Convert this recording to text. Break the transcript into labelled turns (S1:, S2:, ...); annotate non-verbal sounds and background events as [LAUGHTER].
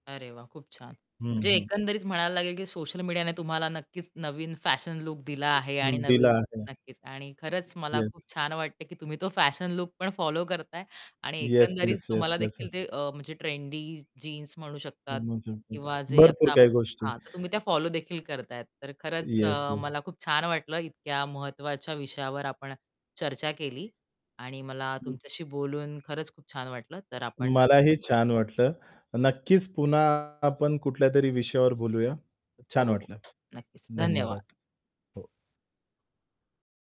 S1: अरे वाह! खूप छान.
S2: हं,
S1: म्हणजे
S2: हं.
S1: एकंदरीत म्हणायला लागेल की सोशल मीडियाने तुम्हाला नक्कीच नवीन फॅशन लूक दिला आहे आणि
S2: हं, दिला
S1: नवीन
S2: आहे.
S1: नक्कीच आणि खरंच मला
S2: येस.
S1: खूप छान वाटतंय की तुम्ही तो फॅशन लूक पण फॉलो करताय आणि
S2: येस,
S1: एकंदरीत
S2: येस, येस,
S1: तुम्हाला
S2: येस, येस.
S1: देखील ते अ, म्हणजे ट्रेंडी जीन्स म्हणू शकतात
S2: [UNINTELLIGIBLE]
S1: किंवा जे
S2: भरपूर
S1: आता
S2: काही गोष्टी.
S1: हां. तर तुम्ही त्या फॉलो देखील करताहेत. तर खरंच
S2: येस,
S1: अ,
S2: येस.
S1: मला खूप छान वाटलं इतक्या महत्वाच्या विषयावर आपण चर्चा केली. आणि मला
S2: हं.
S1: तुमच्याशी बोलून खरंच खूप छान वाटलं तर आपण नक्की
S2: मलाही छान वाटलं. नक्कीच पुन्हा आपण कुठल्यातरी विषयावर बोलूया.
S1: हो,
S2: छान
S1: हो.
S2: वाटलं.
S1: नक्कीच
S2: धन्यवाद.
S1: धन्यवाद.
S2: हो.